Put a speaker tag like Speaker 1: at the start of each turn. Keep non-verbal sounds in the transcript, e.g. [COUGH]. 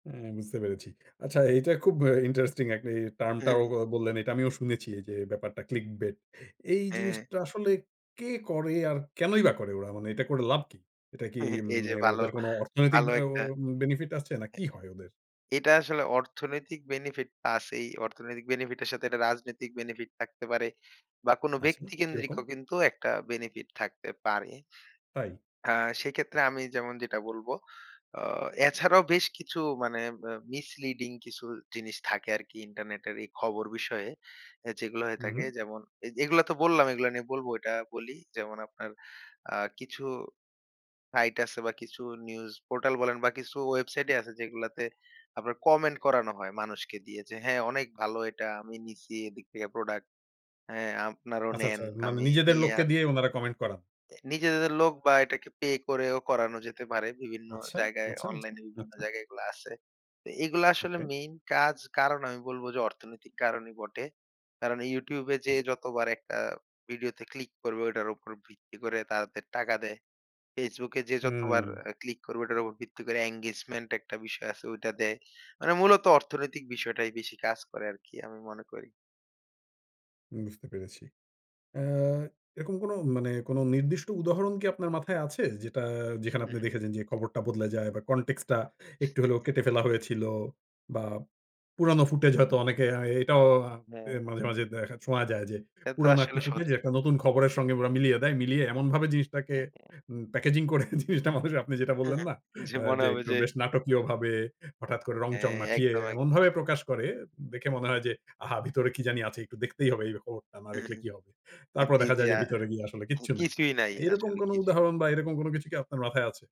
Speaker 1: অ্যা বুঝতে পেরেছি। আচ্ছা এটা খুব অ্যা ইন্টারেস্টিং একটি term টাও
Speaker 2: হ্যাঁ।
Speaker 1: অ বললেন। এটা আমিও শুনেছি এইযে ব্যাপারটা Clickbait. এই
Speaker 2: হ্যাঁ।
Speaker 1: জিনিসটা আসলে কে করে আর কেনই বা করে ওরা? মানে এটা করে লাভ কি? এটা কি
Speaker 2: [CHUCKLES]
Speaker 1: এম
Speaker 2: এইযে বালো,
Speaker 1: ওদের কোন অর্থনৈতিক
Speaker 2: বালো
Speaker 1: অ
Speaker 2: একটা।
Speaker 1: বেনিফিট আছে না, কি হয় ওদের?
Speaker 2: এটা আসলে অর্থনৈতিক বেনিফিট আছেই। অর্থনৈতিক বেনিফিট এর সাথে একটা রাজনৈতিক বেনিফিট থাকতে পারে। বা কোন
Speaker 1: আচ্ছা, কি রকম?
Speaker 2: ব্যক্তিকেন্দ্রিকও কিন্তু একটা বেনিফিট থাকতে পারে।
Speaker 1: তাই?
Speaker 2: আ সেক্ষেত্রে আমি যেমন যেটা বলবো আ এছাড়াও বেশ কিছু মানে ম্যা misleading কিছু জিনিস থাকে আরকি ইন্টারনেটের এই খবর বিষয়ে। অ্যা যেগুলা হয়ে
Speaker 1: হুম,
Speaker 2: থাকে
Speaker 1: হুম।
Speaker 2: যেমন এগুলা তো বললাম, এগুলা নিয়ে বলবো এটা বলি। যেমন আপনার আ কিছু সাইট আছে বা কিছু নিউজ পোর্টাল বলেন বা কিছু ওয়েবসাইটই আছে যেগুলাতে আপনার কমেন্ট করানো হয় মানুষকে দিয়ে যে, হ্যাঁ, অনেক ভালো এটা আমি নিছি এদিক থেকে প্রোডাক্ট। হ্যাঁ, আপনারাও
Speaker 1: আচ্ছা,
Speaker 2: নেন।
Speaker 1: আচ্ছা, মানে
Speaker 2: আমি
Speaker 1: নিজেদের
Speaker 2: নিয়া
Speaker 1: লোককে দিয়ে ওনারা কমেন্ট করান?
Speaker 2: নিজেদের লোক বা এটাকে পে করেও করানো যেতে পারে। বিভিন্ন
Speaker 1: আচ্ছা,
Speaker 2: জায়গায়
Speaker 1: আচ্ছা, আচ্ছা,
Speaker 2: অনলাইনে বিভিন্ন
Speaker 1: আচ্ছা।
Speaker 2: জায়গায় এগুলা আছে। তো এগুলা আসলে
Speaker 1: ওকে।
Speaker 2: মেইন কাজ কারণ আমি বলবো যে, অর্থনৈতিক কারণই বটে। কারণ YouTube এ যেয়ে
Speaker 1: আচ্ছা।
Speaker 2: যতবার একটা ভিডিওতে ক্লিক করবে ওটার উপর ভিত্তি করে তাদের টাকা দেয়। Facebook এ যে, যতবার
Speaker 1: উম
Speaker 2: অ্যা ক্লিক করবে ওটার উপর ভিত্তি করে engagement একটা বিষয় আছে ওইটা দেয়। মানে মূলত অর্থনৈতিক বিষয়টাই বেশি কাজ করে আরকি আমি মনে করি।
Speaker 1: বুঝতে পেরেছি। আ এরকম কোনো মানে কোনো নির্দিষ্ট উদাহরণ কি আপনার মাথায় আছে? যেটা
Speaker 2: হু,
Speaker 1: যেখানে আপনি
Speaker 2: হুম।
Speaker 1: দেখেছেন যে, খবরটা বদলে যায় বা context টা একটু হলেও
Speaker 2: [CHUCKLES]
Speaker 1: কেটে ফেলা হয়েছিল বা পুরানো ফুটেজ হয়তো এ অনেকে অ্যা এটাও অ্যা
Speaker 2: হ্যাঁ, হ্যাঁ।
Speaker 1: মাঝে, মাঝে দেখা, শোনা যায় যে,
Speaker 2: এতো
Speaker 1: পুরানো একটা
Speaker 2: আসলে
Speaker 1: ফুটেজ
Speaker 2: সোজা।
Speaker 1: একটা নতুন খবরের সঙ্গে ওরা মিলিয়ে দেয়। মিলিয়ে এমনভাবে জিনিসটাকে
Speaker 2: হ্যাঁ।
Speaker 1: উম প্যাকেজিং করে, জিনিসটা আপনি যেটা বললেন, না?
Speaker 2: [CHUCKLES] যে,
Speaker 1: আ
Speaker 2: মনে
Speaker 1: যে,
Speaker 2: হবে
Speaker 1: একটু
Speaker 2: যে
Speaker 1: বেশ নাটকীয়ভাবে হঠাৎ করে রংচং
Speaker 2: হ্যাঁ,
Speaker 1: মাখিয়ে
Speaker 2: একদম, একদম।
Speaker 1: এমনভাবে প্রকাশ করে। দেখে মনে হয় যে, আহা! ভিতরে কি জানি আছে একটু দেখতেই হবে এই খবরটা না দেখলে কি
Speaker 2: [CHUCKLES]
Speaker 1: হবে।
Speaker 2: হ্যাঁ,
Speaker 1: তারপর
Speaker 2: জি,
Speaker 1: দেখা
Speaker 2: জি।
Speaker 1: যায় যে,
Speaker 2: আ
Speaker 1: ভিতরে গিয়ে আসলে
Speaker 2: হ্যাঁ,
Speaker 1: কিচ্ছু নাই।
Speaker 2: কিছুই নাই
Speaker 1: এরকম
Speaker 2: আসলে
Speaker 1: কোনো
Speaker 2: কিছুই
Speaker 1: উদাহরণ বা এরকম কোন কিছু কি আপনার মাথায় আছে?